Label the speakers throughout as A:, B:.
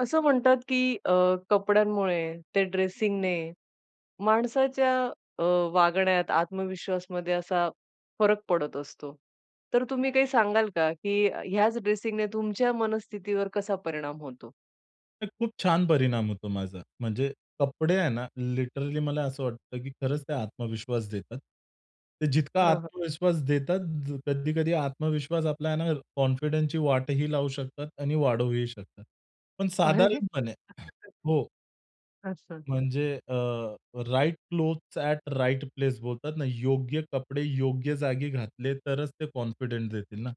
A: असं म्हणतात की अ, कपड्यांमुळे ते ड्रेसिंगने माणसाच्या अ, वागण्यात, आत्मविश्वासमध्ये असा फरक पडत असतो. तर तुम्ही काही सांगाल का? की ह्याच ड्रेसिंगने तुमच्या मनस्थितीवर कसा परिणाम होतो?
B: खरंच खूप छान परिणाम होतो माझा. म्हणजे कपडे आहे ना लिटरली मला असं वाटतं की खरंच ते आत्मविश्वास देतात. ते जितका
A: हां, हां.
B: आत्मविश्वास देतात कधी-कधी आत्मविश्वास आपल्याला आहे ना कॉन्फिडन्सची वाटही लावू शकतात आणि वाढवूही शकतात. पण
A: अरे!
B: साधारणपणे
A: [unintelligible]
B: हो.
A: अच्छा.
B: म्हणजे अ, right clothes at right place बोलतात ना, योग्य कपडे योग्य जागी घातले तरच ते कॉन्फिडन्स देतील ना,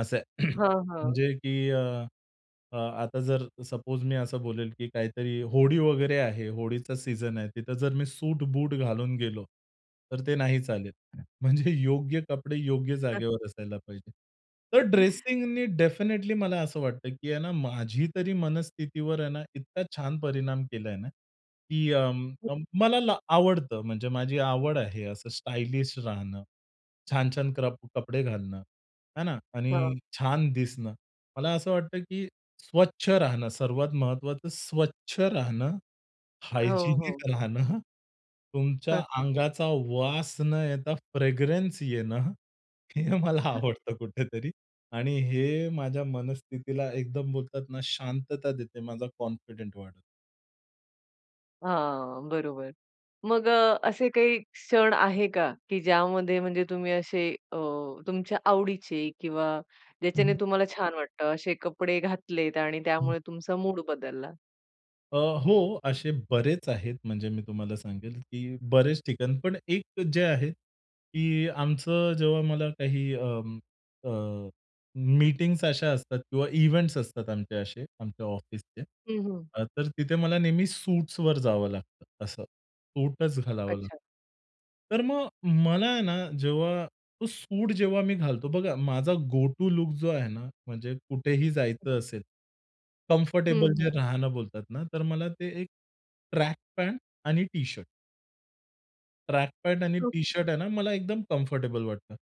B: असंय.
A: हां, हां.
B: म्हणजे की अ, आता जर सपोज मी असं बोलेल की काहीतरी होळी वगैरे आहे, होळीचा सीझन आहे तिथं जर मी सूट-बूट घालून गेलो तर ते नाही चालेल. म्हणजे योग्य कपडे योग्य
A: हं.
B: जागेवर असायला पाहिजे. तर ड्रेसिंगनी डेफिनिटली मला असं वाटतं की आहे ना माझी तरी मनस्थितीवर आहे ना, इतका छान परिणाम केलाय ना की अ, म मला ला आवडतं म्हणजे माझी आवड आहे, असं स्टायलिश राहणं छान-छान कप कपडे घालणं है ना?
A: हां.
B: आणि छान दिसणं. मला असं वाटतं की स्वच्छ राहणं सर्वात महत्त्वाचं, स्वच्छ राहणं,
A: हो, हो.
B: हायजिनिक राहणं, तुमच्या
A: हां, हां.
B: अंगाचा वास न येता फ्रेगरंन्स येणं, हे मला आवडतं कुठेतरी आणि हे माझ्या मनस्थितीला एकदम बोलतात ना शांतता देते, माझा कॉन्फिडंट वाढवत.
A: हां, बरोबर. मग अ, असे काही क्षण आहे का, की ज्यामध्ये म्हणजे तुम्ही असे अ, तुमच्या आवडीचे किंवा ज्याच्याने
B: हं.
A: तुम्हाला छान वाटतं, असे कपडे घातलेत आणि
B: हं.
A: त्यामुळे तुमचा मूड बदलला?
B: अ, हो. असे बरेच आहेत म्हणजे मी तुम्हाला सांगेल, की बरेच ठिकाण, पण एक जे आहे की आमचं जेव्हा मला काही अं, अ, मीटिंग्स अशा असतात किंवा इव्हेंट्स असतात आमचे असे, आमच्या ऑफिसचे,
A: हं, हं.
B: अ, तर तिथे मला नेहमी सूट्सवर जावं लागतं असं. सूटच घालावं लागतं.
A: अच्छा.
B: तर मग मला आहे ना जेव्हा तो सूट जेव्हा मी घालतो बघा माझा गो-टू लूक जो आहे ना, म्हणजे कुठेही जायचं असेल,
A: हं,
B: कम्फरटेबल
A: हं.
B: जे राहणं बोलतात ना तर मला ते एक ट्रक पॅन्ट आणि टी-शर्ट. ट्रॅक पॅन्ट आणि
A: हो, की.
B: टी-शर्ट आहे ना मला एकदम कम्फरटेबल वाटतं.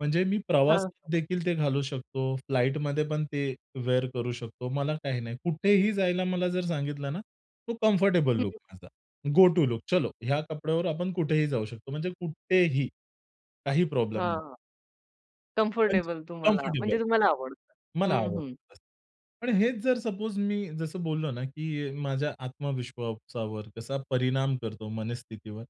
B: म्हणजे मी
A: हां.
B: प्रवासात देखील ते घालू शकतो, फ्लाईटमध्ये पण ते वेअर करू शकतो. मला काही नाही. कुठेही जायला मला जर सांगितलं ना, तो कम्फरटेबल
A: हं,
B: लूक
A: हं.
B: माझा, गो-टू लूक चलो ह्या कपड्यावर आपण कुठेही जाऊ शकतो, म्हणजे कुठेही काही प्रॉब्लेम नाही.
A: हां.
B: म्हणजे
A: कम्फरटेबल तुम्हाला.
B: कम्फरटेबल
A: म्हणजे तुम्हाला
B: हां.
A: आवडतं.
B: मला
A: हं,
B: आवडतं
A: हं.
B: बस. पण हेच जर सपोज मी जसं बोललो ना की अ, माझ्या आत्मविश्वासावर कसा परिणाम करतो, मनस्थितीवर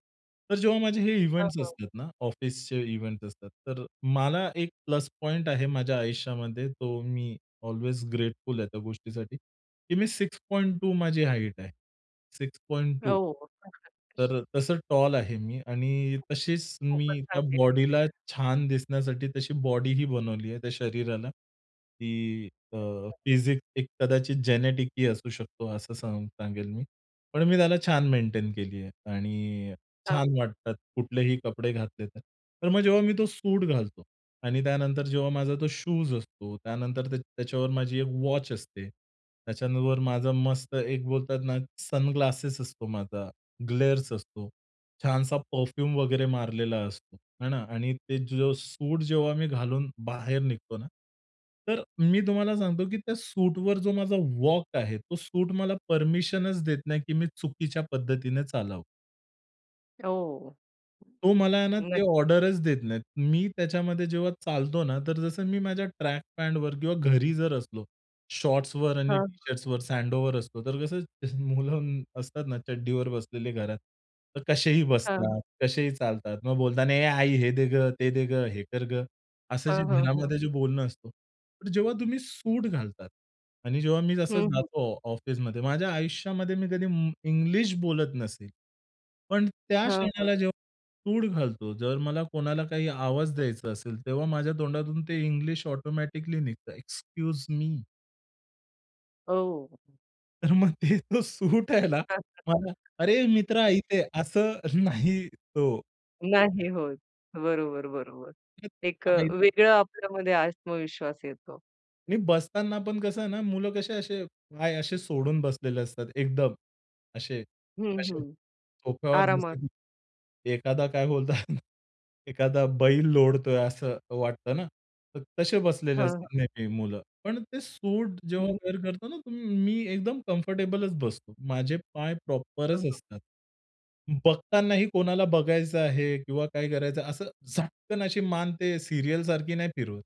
B: तर जेव्हा माझे हे
A: हां,
B: इव्हेंट्स
A: हां.
B: असतात ना, ऑफिसचे इव्हेंट्स असतात तर मला एक प्लस पॉइंट आहे माझ्या आयुष्यामध्ये तो मी ऑल्वेज ग्रेटफुल आहे त्या गोष्टीसाठी की मी 6.2 माझी हाईट आहे, 6.2
A: हो.
B: तर तसं टॉल आहे मी आणि तशीच
A: खूपच
B: मी त्या
A: चांगलं आहे
B: बॉडीला
A: तब्यतीला.
B: छान दिसण्यासाठी तशी बॉडीही बनवली आहे, त्या शरीराला, की अ,
A: [unintelligible]
B: फिसिक एक कदाचित जेनेटिक ही असू शकतो असं सांग सांगेल मी. पण मी त्याला छान मेंटेन केली आहे आणि छान
A: हां.
B: वाटतात कुठलेही कपडे घातले तर. तर मग जेव्हा मी तो सूट घालतो आणि त्यानंतर जेव्हा माझा तो शूज असतो, त्यानंतर त्या त्याच्यावर माझी एक वॉच असते, त्याच्यानंतर माझा मस्त एक बोलतात ना, सनग्लासेस असतो माझा, ग्लेर्स असतो, छानसा परफ्यूम वगैरे मारलेला असतो हे ना? आणि ते जो सूट जेव्हा मी घालून बाहेर निघतो ना, तर मी तुम्हाला सांगतो की त्या सूटवर जो माझा वॉक आहे, तो सूट मला परमीशनच देत नाही की मी चुकीच्या पद्धतीने चालावं.
A: ओ!
B: तो मला आहे ना, ते
A: नक्क
B: ऑर्डरच देत नाही. मी त्याच्यामध्ये जेव्हा चालतो ना, तर जसं मी माझ्या ट्रॅक पॅंटवर किंवा घरी जर असलो शॉर्ट्सवर आणि
A: हां.
B: टी-शर्ट्सवर स्लेडवेअर असतो. तर कसं मुलं असतात ना चड्डीवर बसलेले घरात. तर कसेही
A: हां.
B: बसतात, कसेही चालतात. मग बोलता ना, "ए आई, हे दे गं, ते दे गं, हे कर गं," असं जे
A: हां, हां, हां.
B: घरामध्ये जे बोलणं असत. पण जेव्हा तुम्ही सूट घालतात आणि जेव्हा मी जसं
A: हं, हं.
B: जातो ऑफिसमध्ये माझ्या आयुष्यामध्ये मी कधी म इंग्लिश बोलत नसेल. पण त्या
A: हां, हां.
B: क्षणाला जेव्हा मी सूट घालतो, जर मला कोणाला काही आवाज द्यायचा असेल तेव्हा माझ्या तोंडातून ते इंग्लिश ऑटोमॅटिकली निघतं. Excuse me.
A: ओ!
B: तर मग ते तो सूट आहे ना, मला "अरे, मित्रा
A: हां.
B: इथे ये," असं नाही तो
A: नाही होत. बरोबर, बरोबर.
B: तेच
A: एक अ,
B: आहे
A: वेगळं आपल्यामध्ये आत्मविश्वास येतो.
B: आणि बसताना पण कसं आहे ना, मुलं कसे असे पाय असे सोडून बसलेले असतात एकदम. असे
A: हं,
B: असे
A: हं.
B: सोफ्यावर
A: आरामात.
B: बसले की एखादा काय बोलतात एखादा बैल लोळतोय असं वाटतं ना, तर तसे बसलेले
A: हां, हां.
B: असतील नेहमी मुलं. पण ते सूट जेव्हा
A: हं.
B: वेअर करतो ना, तुम्ही मी एकदम कम्फर्टेबलचं बसतो. माझे पाय
A: हां,
B: प्रॉपरचं
A: हां.
B: असतात. बघतानाही कोणाला बघायचं आहे किंवा काय करायचं असं झटकन अशी मान ते सीरियलसारखी नाही फिरवत.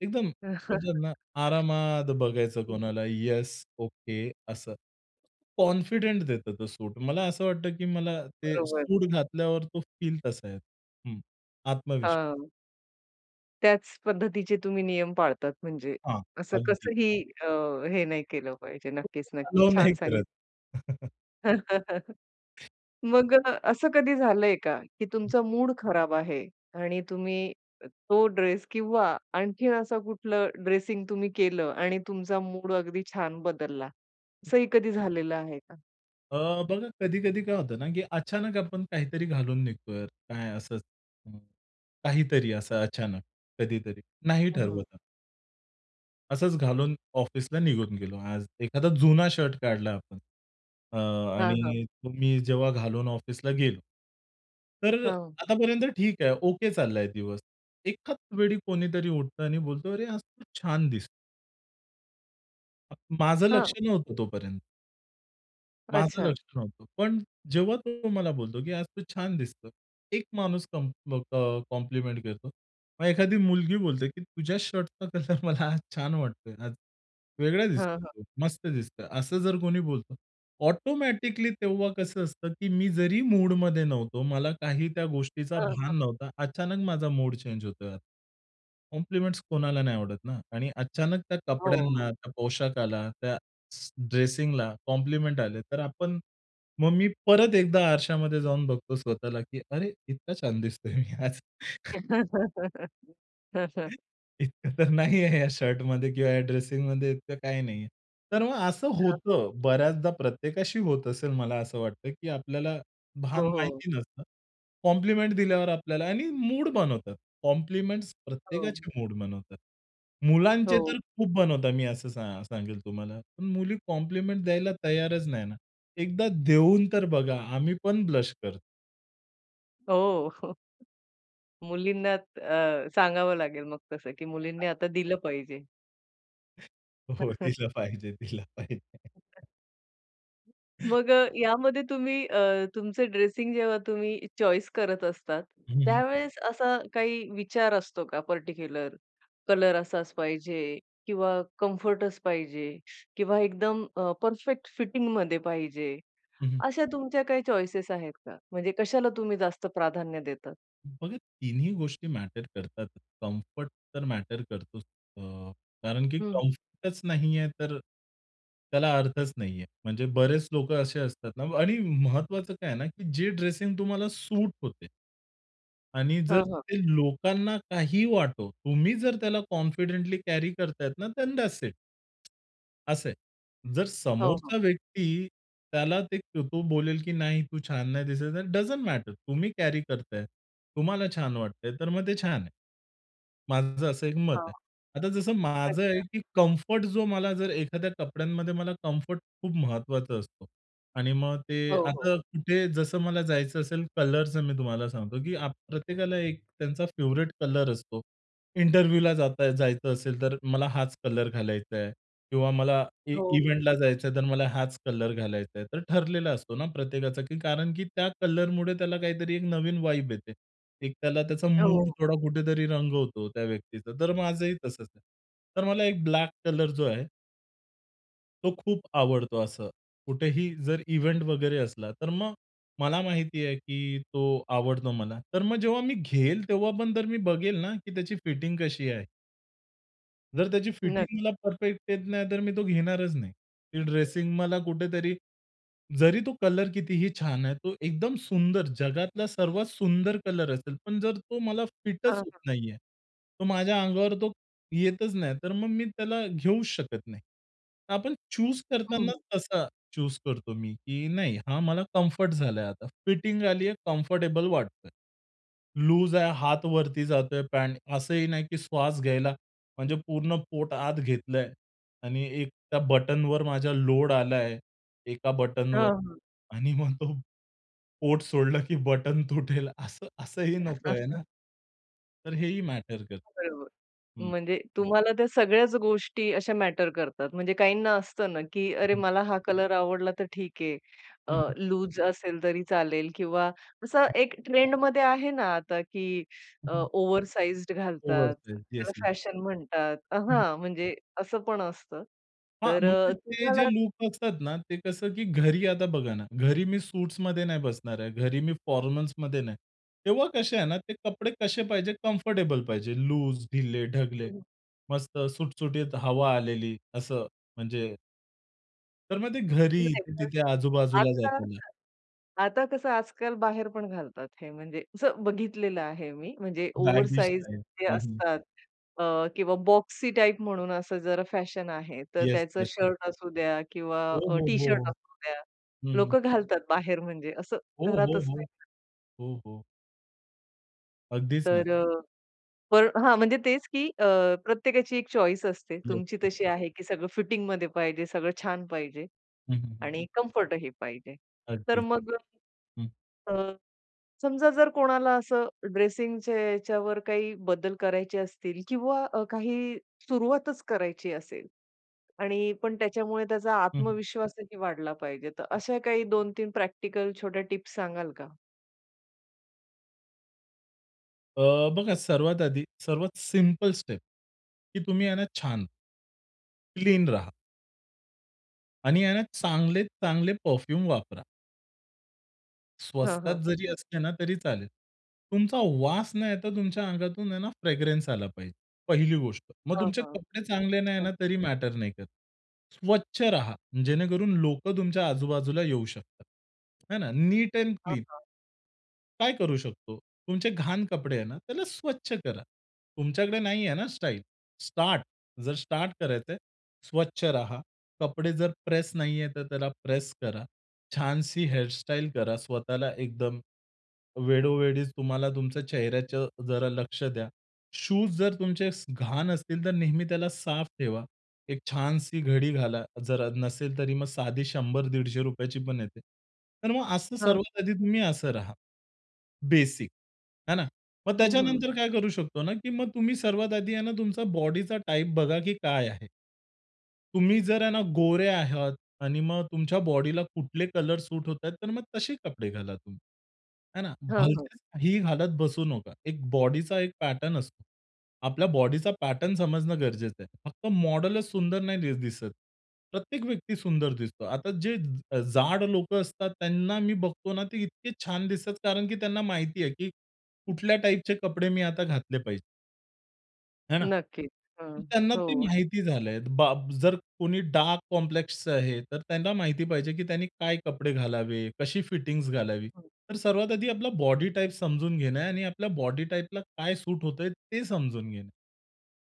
B: एकदम बोलतात ना, आरामात बघायचं
A: हं.
B: कोणाला, "येस, ओके" असं. कॉन्फिडेंट देत तो सूट. मला असं वाटतं की मला ते
A: बरोबर.
B: सूट घातल्यावर तो फील तसा येतो. हं आत्मविश्वास.
A: हां. त्याच पद्धतीचे तुम्ही नियम पाळतात म्हणजे.
B: हां,
A: असं
B: अगदी.
A: कसंही अ, हे नाही केलं पाहिजे. नक्कीच, नक्कीच
B: अलाव नाही
A: छान सांगितलं.
B: करत.
A: मग अ, असं कधी झालंय का, की
B: हं.
A: तुमचा मूड खराब आहे आणि तुम्ही तो ड्रेस किंवा आणखीन असं कुठलं ड्रेसिंग तुम्ही केलं आणि तुमचा मूड अगदी छान बदलला, असंही कधी झालेलं आहे का?
B: अ, बघा कधी-कधी काय होतं ना, की अचानक आपण काहीतरी घालून निघतोय यार, काय असंच हं. काहीतरी असं अचानक कधीतरी. नाही ठरवत
A: हं.
B: आपण. असंच घालून ऑफिसला निघून गेलो, आज एखादा जुना शर्ट काढला आपण अ,
A: हां, हां.
B: आणि मी जेव्हा घालून ऑफिसला गेलो. तर,
A: हां.
B: आतापर्यंत ठीक आहे. ओके चाललाय दिवस. एकाच वेळी कोणीतरी उठतं आणि बोलतो, अरे, आज तू छान दिसतो. अ, माझं लक्ष
A: हां.
B: नव्हतं तोपर्यंत माझं
A: अच्छा.
B: लक्ष नव्हतं. पण जेव्हा तो मला बोलतो, की "आज तू छान दिसतो." एक माणूस कं मग अ, कॉम्प्लिमेंट घेतो. मग एखादी मुलगी बोलते, की तुझ्या शर्टचा कलर मला आज छान वाटतोय. आज वेगळा
A: हां, हां.
B: दिसतोय, मस्त दिसतो. असं जर कोणी बोलतं. ऑटोमॅटिकली तेव्हा कसं असतं, की मी जरी मूडमध्ये नव्हतो, मला काही त्या गोष्टीचा
A: हं, हं.
B: भान नव्हता. अचानक माझा मूड चेंज होतोय. कॉम्प्लिमेंट कोणाला नाही आवडत ना? आणि अचानक त्या
A: हो, हो.
B: कपड्यांना, त्या पोशाखाला, त्या स ड्रेसिंगला कॉम्प्लिमेंट आले तर आपण. मग मी परत एकदा आरशामध्ये जाऊन बघतो स्वतःला, की अरे इतका छान दिसतोय मी आज. इतकं तर नाहीये या शर्टमध्ये किंवा या ड्रेसिंगमध्ये इतकं काही नाहीये. तर मग असं
A: हां.
B: होतं. बऱ्याचदा प्रत्येकाशी होत असेल मला असं वाटतं, की आपल्याला भान
A: हो, हो.
B: माहिती नसतं, कॉम्प्लिमेंट दिल्यावर आपल्याला आणि मूड बनवतात. कॉम्प्लिमेंट
A: हो.
B: प्रत्येकाची मूड बनवतात. मुलांचे
A: हो.
B: तर खूप बनवता मी असं सा सांगेल तुम्हाला. पण मुली कॉम्प्लिमेंट द्यायला तयारच नाही ना. एकदा देऊन तर बघा. आम्हीपण ब्लश करतो.
A: हो. मुलींना त अ, सांगावं लागेल मग तसं, की मुलींनी
B: [unintelligible]
A: आता दिलं पाहिजे.
B: हो, दिलं पाहिजे, दिलं पाहिजे.
A: [unintelligible] मग अ, यामध्ये तुम्ही अ, तुमचं ड्रेसिंग जेव्हा तुम्ही चॉईस करत असतात,
B: हं, हं.
A: त्यावेळेस असा काही विचार असतो का पर्टिक्युलर कलर असाच पाहिजे किंवा कम्फर्टच पाहिजे किंवा एकदम अ, परफेक्ट फिटिंगमध्ये पाहिजे.
B: हं, हं.
A: अशा तुमच्या काही चॉइसेस आहेत का? म्हणजे कशाला तुम्ही जास्त प्राधान्य देतात?
B: बघा, तिन्ही गोष्टी मॅटर करतात. कम्फर्ट तर मॅटर करतोच. अ, कारण की
A: हं, हं.
B: कम्फर्टच नाही आहे, तर त्याला अर्थच नाही आहे. म्हणजे बरेच लोकं असे असतात ना आणि महत्त्वाचं काय आहे ना, की जे ड्रेसिंग तुम्हाला सूट होते आणि जर
A: हां, हां.
B: ते लोकांना काही वाटो, तुम्ही जर त्याला कॉन्फिडेंटली कॅरी करतायत ना, देन दॅट्स इट. असं आहे. जर
A: हां, हां.
B: समोरचा व्यक्ती त्याला ते तो बोलेल, की "नाही, तू छान नाही दिसत आहे," डझन्ट मॅटर. तुम्ही कॅरी करताहेत. तुम्हाला छान वाटतंय, तर मग ते छान आहे. माझं असं एक मत आहे.
A: हां.
B: आता जसं माझं आहे
A: अच्छा.
B: की कम्फर्ट जो मला जर एखाद्या कपड्यांमध्ये मला कम्फर्ट खूप महत्त्वाचा असतो. आणि मग ते
A: हो, हो.
B: आता कुठे जसं मला जायचं असेल, कलरचं मी तुम्हाला सांगतो, की प्रत्येकाला एक त्यांचा फेव्हरीट कलर असतो. इंटरव्ह्यूला जाताय जायचं असेल, तर मला हाच कलर घालायचा आहे. किंवा मला इ
A: हो, हो.
B: इव्हेंटला जायचं आहे, तर मला हाच कलर घालायचा आहे. तर ठरलेला असतो ना प्रत्येकाचा, की कारण की त्या कलरमुळे त्याला काहीतरी एक नवीन वाईब येते. एक त्याला त्याचा
A: अ,
B: मूड
A: हो.
B: थोडा कुठेतरी रंगवतो त्या व्यक्तीचा. तर माझंही तसंच आहे. तर मला एक ब्लॅक कलर जो आहे तो खूप आवडतो असं. कुठेही जर इव्हेंट वगैरे असला, तर मग मला माहिती आहे की तो आवडतो मला. तर मग जेव्हा मी घेईल, तेव्हा पण जर मी बघेल ना, की त्याची फिटिंग कशी आहे? जर त्याची
A: नक्क
B: फिटिंग मला परफेक्ट येत नाहीतर मी तो घेणारच नाही. ती ड्रेसिंग मला कुठेतरी जरी तो कलर कितीही छान आहे तो एकदम सुंदर, जगातला सर्वात सुंदर कलर असेल. पण जर तो मला
A: हां,
B: फिटच होत
A: हां.
B: नाही आहे, तर माझ्या अंगावर तो येतच नाही, तर मग मी त्याला घेऊच शकत नाही. तर आपण चूज
A: हं, हं.
B: करताना तसा चूज करतो मी, की नाही, हा मला कम्फर्ट झालाय आता. फिटिंग आली आहे, कम्फर्टेबल वाटतं आहे. लूज आहे, हात वरती जातोय, पँट असंही नाही की श्वास घ्यायला म्हणजे पूर्ण पोट आत घेतलंय आणि एक त्या बटनवर माझा लोड आलाय एका बटनवर
A: हां, हां.
B: आणि मग तो पोट सोडलं की बटन तुटेल असं असंही नको आहे ना. तर हेही मॅटर करतं.
A: बरोबर.
B: हं.
A: म्हणजे तुम्हाला त्या सगळ्याच गोष्टी अशा मॅटर करतात. म्हणजे काहींना असतं ना, की अरे
B: हं.
A: मला हा कलर आवडला तर ठीक आहे, अ,
B: हं, हं.
A: लूज असेल तरी चालेल किंवा असं एक ट्रेंडमध्ये आहे ना आता, की
B: हं,
A: अ,
B: हं.
A: ओव्हरसाइज्ड घालतात,
B: ओव्हरसाइझ.
A: त्याला
B: येस, येस.
A: फॅशन म्हणतात. अ
B: हं.
A: हां, म्हणजे असं पण असतं.
B: हां,
A: तर
B: म्हणजे
A: अ,
B: ते जे
A: तुम्हाला
B: लूक असतात ना, ते कसं की घरी आता बघा ना, घरी मी सूट्समध्ये नाही बसणार आहे, घरी मी फॉर्मल्समध्ये नाही. तेव्हा कसे आहे ना, ते कपडे कसे पाहिजे, कम्फर्टेबल पाहिजे. लूज, ढिले, ढगले,
A: हं.
B: मस्त सुटसुटीत हवा आलेली, असं. म्हणजे तर मग ते घरी
A: नाही
B: ते
A: तर,
B: तिथे आजूबाजूला
A: आता
B: जाताना.
A: [unintelligible] आता कसं आजकाल बाहेर पण घालतात हे, म्हणजे असं बघितलेलं आहे मी. म्हणजे
B: बॅगी
A: ओव्हरसाईज
B: स्टाईल.
A: जे
B: हं, हं.
A: असतात अ, किंवा बॉक्सी टाईप, म्हणून असं जरा फॅशन आहे. तर
B: येस,
A: त्याचा
B: येस, येस.
A: शर्ट असू द्या किंवा
B: हो,
A: अ,
B: हो, हो, हो,
A: टी-शर्ट असू द्या,
B: हं.
A: लोकं घालतात बाहेर, म्हणजे असं
B: हो, हो,
A: घरातच
B: हो.
A: नाही ना [unintelligible]
B: हो, हो. अगदीच ना.
A: तर अ, पर म्हणजे तेच की अ, प्रत्येकाची एक चॉईस असते.
B: येस,
A: तुमची
B: येस.
A: तशी आहे की सगळं फिटिंगमध्ये पाहिजे, सगळं छान पाहिजे
B: हं, हं, हं.
A: आणि कम्फर्टही पाहिजे. तर
B: अगदीच
A: मग अ,
B: हं.
A: अ, समजा जर कोणाला असं ड्रेसिंगच्या याच्यावर काही बदल करायचे असतील किंवा अ, काही सुरुवातच करायची असेल आणि पण त्याच्यामुळे त्याचा
B: हं, हं.
A: आत्मविश्वासही वाढला पाहिजे, तर
B: हं.
A: अशा काही 2-3 प्रॅक्टिकल छोट्या टिप्स सांगाल का?
B: अ, बघा सर्वात आधी सर्वात सिम्पल स्टेप, की तुम्ही आहे ना छान क्लीन रहा. आणि ह्यांना चांगलेत चांगले परफ्युम वापरा.
A: हां,
B: स्वस्तात
A: हां.
B: जरी असले ना, तरी चालेल. तुमचा वास नाहीतर, तुमच्या अंगातून आहे ना, फ्रेग्रन्स आला पाहिजे, पहिली गोष्ट. मग
A: हां,
B: तुमचे
A: हां.
B: कपडे चांगले नाही
A: हो.
B: ना, तरी मॅटर नाही करत. स्वच्छ राहा जेणेकरून लोकं तुमच्या आजूबाजूला येऊ शकतात. हे ना. नीट अँड
A: हां,
B: क्लीन.
A: हां.
B: काय करू शकतो? तुमचे घाण कपडे आहेत ना, त्याला स्वच्छ करा. तुमच्याकडे नाहीये ना स्टाइल, स्टार्ट. जर स्टार्ट करायचंय, स्वच्छ राहा. कपडे जर प्रेस नाहीये, तर त्याला प्रेस करा. छानशी हेयर स्टाइल करा, स्वतःला एकदम वेळोवेळीच तुम्हाला तुमच्या चेहऱ्याचं जरा लक्ष द्या. शूज जर तुमचे स घाण असतील, तर नेहमी त्याला साफ ठेवा. एक छानशी घडी घाला जर नसेल तरी, मग साधी ₹100-₹150 रुपयाची पण येते. तर मग असं
A: हां.
B: सर्वात आधी तुम्ही असं राहा. बेसिक. हे ना. मग
A: हं, हं.
B: त्याच्यानंतर काय करू शकतो ना, की मग तुम्ही सर्वात आधी आहे ना, तुमचा बॉडीचा टाइप बघा की काय आहे. तुम्ही जर आहे ना, गोरे आहात आणि मग तुमच्या बॉडीला कुठले कलर सूट होताहेत तर मग तसे कपडे घाला तुम्ही. हे ना.
A: हां, हां.
B: भलत्याच ही घालत बसू नका. एक बॉडीचा एक पॅटर्न असतो. आपल्या बॉडीचा पॅटर्न समजणं गरजेचं आहे. फक्त मॉडलच सुंदर नाही दि दिसत. प्रत्येक व्यक्ती सुंदर दिसतो. आता जे ज जाड लोकं असतात त्यांना मी बघतो ना, ते इतके छान दिसतात. कारण की त्यांना माहिती आहे की कुठल्या टाइपचे कपडे मी आता घातले पाहिजेत. है ना?
A: नक्कीच.
B: तर
A: हं,
B: त्यांना ते
A: हो.
B: माहिती झालंय बाब. जर कोणी डार्क कॉम्प्लेक्सचं आहे तर त्यांना माहिती पाहिजे की त्यांनी काय कपडे घालावे, कशी फिटिंगज् घालावी.
A: हं.
B: तर सर्वात आधी आपला बॉडी टाइप समजून घेणं आणि आपल्या बॉडी टाइपला, काय सूट होतय ते समजून घेणं.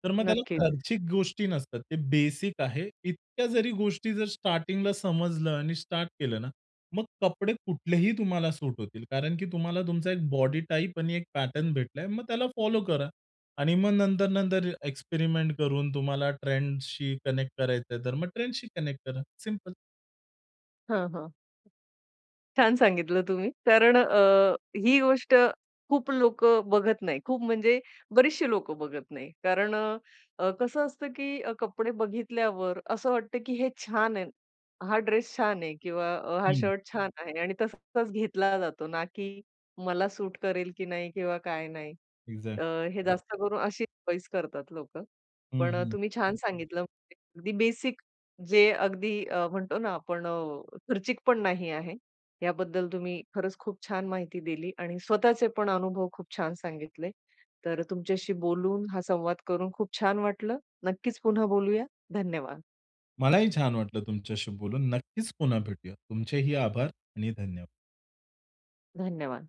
B: तर मग त्याला
A: नक्कीच.
B: खर्चिक गोष्टी नसतात, ते बेसिक आहे. इतक्या जरी गोष्टी जर स्टार्टिंगला समजलं आणि स्टार्ट केलं ना मग कपडे कुठलेही तुम्हाला सूट होतील, कारण की तुम्हाला तुमचा 1 बॉडी टाइप आणि 1 पॅटर्न भेटलाय, मग त्याला फॉलो करा आणि मग नंतर-नंतर एक्सपेरिमेंट करून तुम्हाला ट्रेंडशी कनेक्ट करायचंय तर मग ट्रेंडशी कनेक्ट करा, सिंपल.
A: हां, हां. छान सांगितलं तुम्ही कारण अ, ही गोष्ट खूप लोकं बघत नाही, खूप म्हणजे बरीचशी लोकं बघत नाही कारण अ, अ, कसं असतं की अ, कपडे बघितल्यावर असं वाटतं, की हे छान आहे, हा ड्रेस छान आहे किंवा अ, हा
B: हम्म.
A: शर्ट छान आहे आणि तसा तसाच घेतला जातो, ना की मला सूट करेल की नाही किंवा काय नाही
B: इग्झॅ
A: अ, हे जास्त करून अशीच चॉइस करतात लोकं.
B: हं,
A: पण अ,
B: हं.
A: तुम्ही छान सांगितलं म्हणजे अगदी बेसिक, जे अगदी अ, म्हणतो ना आपण अ, खर्चिक पण नाही आहे, याबद्दल तुम्ही खरंच खूप छान माहिती दिली आणि स्वतःचे पण अनुभव खूप छान सांगितले, तर तुमच्याशी बोलून हा संवाद करून खूप छान वाटलं. नक्कीच पुन्हा बोलूया, धन्यवाद.
B: मलाही छान वाटलं तुमच्याशी बोलून, नक्कीच पुन्हा भेटूया, तुमचेही आभार आणि धन्यवाद.
A: धन्यवाद.